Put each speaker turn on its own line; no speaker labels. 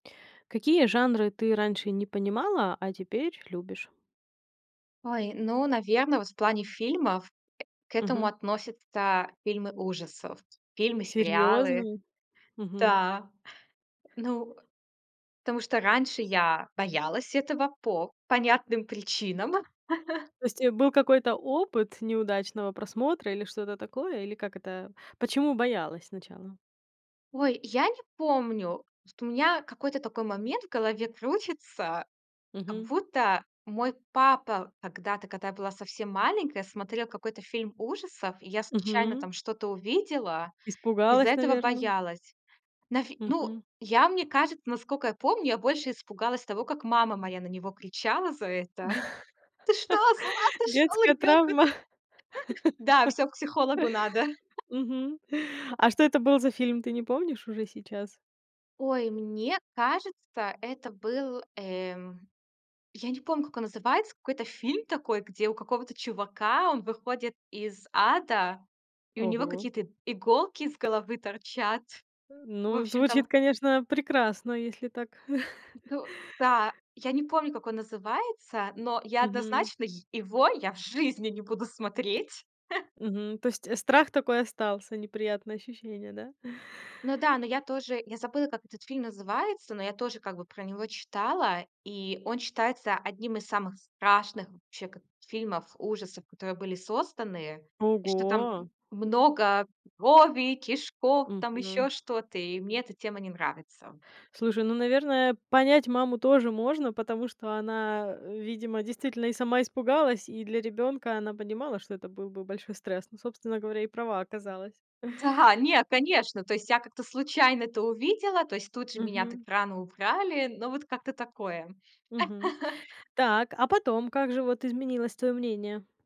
Какие жанры ты раньше не понимала, а теперь любишь?
Ой, ну, наверно, вот в плане фильмов, к этому
Мгм.
относятся фильмы ужасов. Фильмы, сериалы.
Серьёзно? Мгм.
Да. Ну, тому что раньше я боялась этого по понятным причинам.
То есть, э, был какой-то опыт неудачного просмотра или что то такое? Или как это? Почему боялась сначала?
Ой, я не помню. Вот у меня какой-то такой момент в голове крутится. Как
Мгм.
будто мой папа когда-то, когда я была совсем маленькая, смотрел какой-то фильм ужасов, и я случайно
Мгм.
там что-то увидела, из-за
Испугалась,
этого
наверно.
боялась. Навь ну,
Мгм.
я, мне кажется, наскока я помню, я больше испугалась того, как мама моя на него кричала за это: "Ты что, с ума сошёл
Детская
ребёнка
травма?
тут!" [unintelligible] Да, всё, к психологу надо.
Мгм. А что это был за фильм, ты не помнишь уже сейчас?
Ой, мне кажется, это был, эм, я не помню, как он называется, какой-то фильм такой, где у какого-то чувака, он выходит из ада, и у него
Ого.
какие-то иголки из головы торчат.
А,
В
ну
общем
звучит,
там
конечно, прекрасно, если так.
Ну да. Я не помню, как он называется, но я
Мгм.
однозначно йе его я в жизни не буду смотреть.
Мгм. То есть страх такой остался, неприятное ощущение, да?
Ну да, но я тоже я забыла, как этот фильм называется, но я тоже как бы про него читала. И он считается одним из самых страшных, вообще, как фильмов ужасов, которые были созданы. И что там,
Ого.
м, много крови, кишков, там
Мгм.
ещё что-то. И мне эта тема не нравится.
Слушай, ну, наверное, понять маму тоже можно, потому что она, э, видимо действительно и сама испугалась, и для ребёнка она понимала, что это был бы большой стресс. Ну, собственно говоря, и права оказалась.
Да. Нет, конечно. То есть я как-то случайно это увидела. То есть тут же меня так
Мгм.
рано убрали. Ну, вот как-то такое.
Мгм. Так, а потом как же вот изменилось твоё мнение?